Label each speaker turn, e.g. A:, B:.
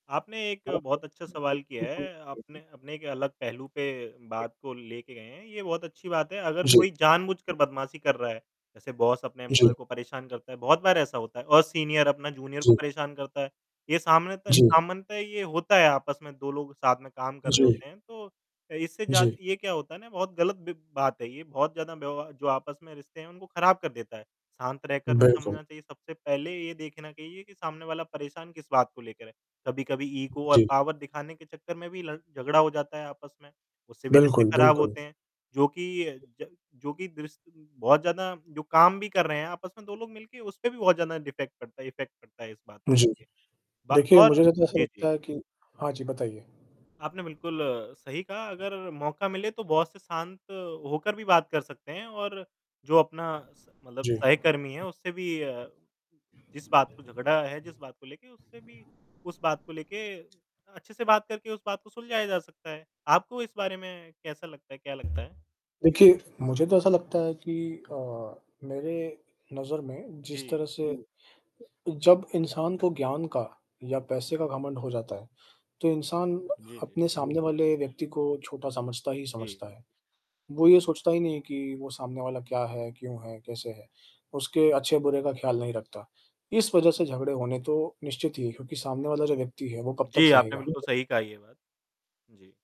A: आपने एक
B: हाँ,
A: बहुत अच्छा सवाल किया
B: बिल
A: है। आपने
B: [unintelligible]
A: अपने एक अलग पहलू पे
B: जी।
A: बात को लेके गए हैं ये बहुत अच्छी बात है अगर
B: जी।
A: कोई जानबूझकर बदमाशी कर रहा है जैसे बॉस अपने
B: जी।
A: एम्प्लॉयी को परेशान करता है बहुत बार ऐसा होता है और सीनियर अपना जूनियर को
B: जी।
A: परेशान करता है। ये सामने त
B: जी।
A: सामान्यता ये होता है आपस में 2 लोग साथ में काम कर रहे
B: जी।
A: होते हैं तो अ, इससे जात
B: जी।
A: ये क्या होता है ना, बहुत ग़लत बि बात है ये, बहुत ज़्यादा व्यव जो आपस में रिश्ते हैं, उनको ख़राब कर देता है। शांत रहकर भी
B: बिल्कुल।
A: समझना चाहिए, सबसे पहले ये देखना कहिए कि सामने वाला परेशान किस बात को लेकर है। कभी-कभी ईगो और
B: जी।
A: पावर दिखाने के चक्कर में भी लड़ झगड़ा हो जाता है आपस में उससे भी रिश्ते
B: बिल्कुल,
A: ख़राब
B: बिल्कुल।
A: होते हैं जो कि अ, ज जो कि द्रिस बहुत ज़्यादा जो काम भी कर रहे हैं आपस में 2 लोग मिलके उसपे भी बहुत ज़्यादा डिफ़ैक्ट पड़ता है इफ़ेक्ट पड़ता है इस बात को
B: जी,
A: लेके, ब
B: देखिए मुझे
A: और
B: ना तो ऐसा
A: जी,
B: लगता
A: जी।
B: है कि हाँ जी बताइए?
A: आपने बिल्कुल सही कहा अगर मौका मिले तो बॉस से शांत होकर भी बात कर सकते हैं और जो अपना स मतलब
B: जी।
A: सहकर्मी है उससे भी अ, जिस बात को झगड़ा है, जिस बात को लेके उससे भी उस बात को लेके अच्छे से बात करके उस बात को सुलझाया जा सकता है। आपको इस बारे में कैसा लगता है, क्या लगता है?
B: देखिए, मुझे तो ऐसा लगता है कि अ, मेरे नज़र में जिस तरह
A: जी।
B: से जब इंसान को ज्ञान का या पैसे का घमंड हो जाता है तो इंसान
A: जी, जी।
B: अपने सामने वाले व्यक्ति को छोटा समझता ही
A: जी।
B: समझता है। वो ये सोचता ही नहीं है कि वो सामने वाला क्या है, क्यों है, कैसे है उसके अच्छे बुरे का ख़्याल नहीं रखता। इस वजह से झगड़े होने तो निश्चित ही है क्योंकि सामने वाला जो व्यक्ति है वो कब तक
A: जी, आपने
B: सहेगा?
A: बिल्कुल
B: [unintelligible]
A: सही कहा ये बात। जी।